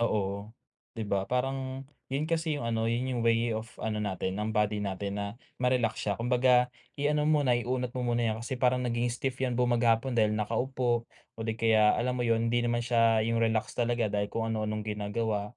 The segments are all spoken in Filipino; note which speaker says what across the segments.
Speaker 1: Oo, di ba parang yun kasi yung ano, yun yung way of ano natin ang body natin na ma-relax siya. Kumbaga, i ano mo na i-unat mo muna yan kasi parang nagiging stiff yan mag-hapon dahil nakaupo o di kaya alam mo yun, hindi naman siya yung relax talaga dahil kung ano-anong ginagawa.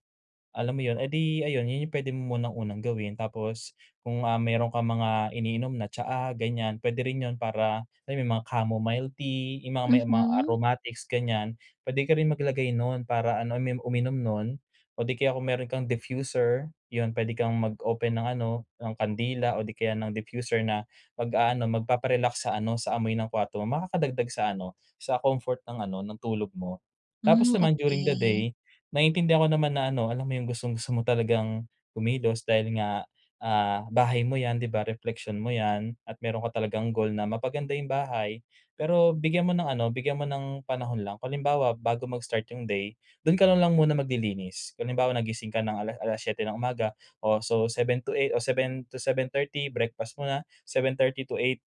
Speaker 1: Alam mo yun eh di ayun yun pwede mo munang unang gawin tapos, kung ah, meron kang mga iniinom na tsaa ganyan pwede rin yun para alam mo yun mga chamomile tea, yung mga may mga
Speaker 2: Mhm.
Speaker 1: aromatics ganyan, pwede ka rin mag-lagay nun para ano, uminom nun o di kaya kung meron kang diffuser yun pwede kang mag open ng ano, ng kandila o di kaya ng diffuser na mag-aano magpapa-relax sa ano sa amoy ng kwarto mo. Makaka-dagdag sa ano sa comfort ng ano, ng tulog mo. Tapos
Speaker 2: Hmm,
Speaker 1: naman during the
Speaker 2: okey.
Speaker 1: day, naiintindihan ko naman na ano, alam mo yung gustong-gusto mo talagang kumilos dahil nga, ah, bahay mo yan di ba? Repleksyon mo yan at meron ka talagang goal na mapa-ganda yung bahay pero bigyan mo ng ano, bigyan mo ng panahon lang. Kung halimbawa bago mag-start yung day, dun ka na lang muna mag-lilinis, kung halimbawa nagising ka ng ala 7:00 ng umaga o so 7:00 to 8:00 o 7:00 to 7:30 breakfast muna, 7:30 to 8:00,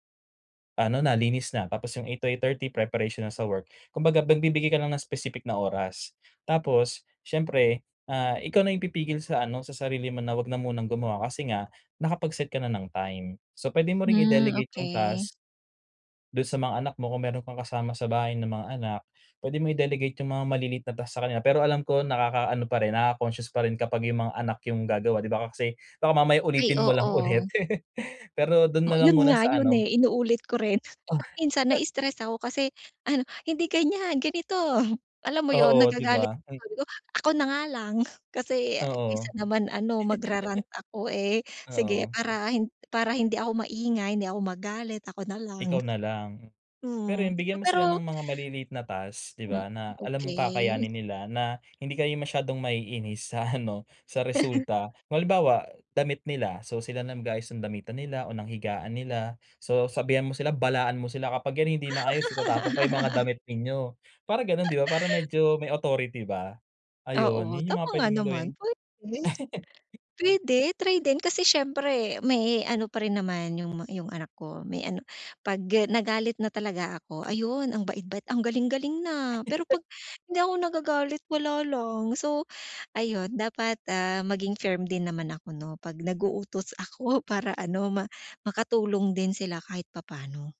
Speaker 1: ano na linis na tapos yung 8:00 to 8:30 preparation na sa work. Kumbaga nagbibigay ka lang ng specific na oras, tapos, siyempre ah, ikaw na yung pipigil sa ano, sa sarili mo na wag na munang gumawa kasi nga, nakapag-set ka na ng time. So pwede mo ring
Speaker 2: Hmm,
Speaker 1: i-delegate yung
Speaker 2: okey.
Speaker 1: task. Dun sa mga anak mo kung meron kang kasama sa bahay ng mga anak, pwede mo i-delegate yung mga maliliit na task sa kanila pero alam ko nakaka-ano pa rin nakaka-conscious parin kapag yung mga anak yung gagawa di ba? Kasi baka mamaya
Speaker 2: Ay,
Speaker 1: ulitin mo lang
Speaker 2: oo.
Speaker 1: ulit pero dun
Speaker 2: Oh
Speaker 1: nalang
Speaker 2: yun
Speaker 1: muna
Speaker 2: nga,
Speaker 1: sa
Speaker 2: yun
Speaker 1: ano
Speaker 2: eh, inuulit ko rin at minsan na-istress ako kasi ano, "hindi ganyan, ganito," alam mo yun?
Speaker 1: Oo di
Speaker 2: Nagagalit
Speaker 1: ba?
Speaker 2: ako
Speaker 1: Hmm.
Speaker 2: sabi ko, "Ako na nga lang," kasi kaysa
Speaker 1: Oo.
Speaker 2: naman ano mag-rarant ako eh, sige
Speaker 1: Oo.
Speaker 2: para hin para hindi ako maingay, hindi ako magalit, ako nalang.
Speaker 1: Ikaw na lang? Pero
Speaker 2: Mhm,
Speaker 1: yun,
Speaker 2: so
Speaker 1: bigyan mo sila ng
Speaker 2: pero
Speaker 1: mga maliliit na task 'di
Speaker 2: Hmm,
Speaker 1: ba na alam mong
Speaker 2: okey.
Speaker 1: kakayanin nila, na hindi kayo masyadong ma-iinis sa ano sa resulta. Kung halimbawa, damit nila so sila na mag-aayos ng damitan nila o ng higaan nila. So sabihan mo sila, balaan mo sila kapag yan hindi maayos itatapon ko yung mga damit ninyo, para ganon di ba? Parang medyo may authority ba. Ayun,
Speaker 2: Oo
Speaker 1: yun yung
Speaker 2: tama
Speaker 1: mga
Speaker 2: nga
Speaker 1: pwede mo
Speaker 2: naman
Speaker 1: gawin
Speaker 2: pwede pwede try din kasi siyempre may ano pa rin naman yung ma yung anak ko may ano, pag nagalit na talaga ako ayun ang bait-bait, ang galing-galing na. Pero kapag hindi ako nagagalit wala lang, so ayun dapat ah, maging firm din naman ako no, pag nag-uutos ako para ano, ma makatulong din sila kahit papaano.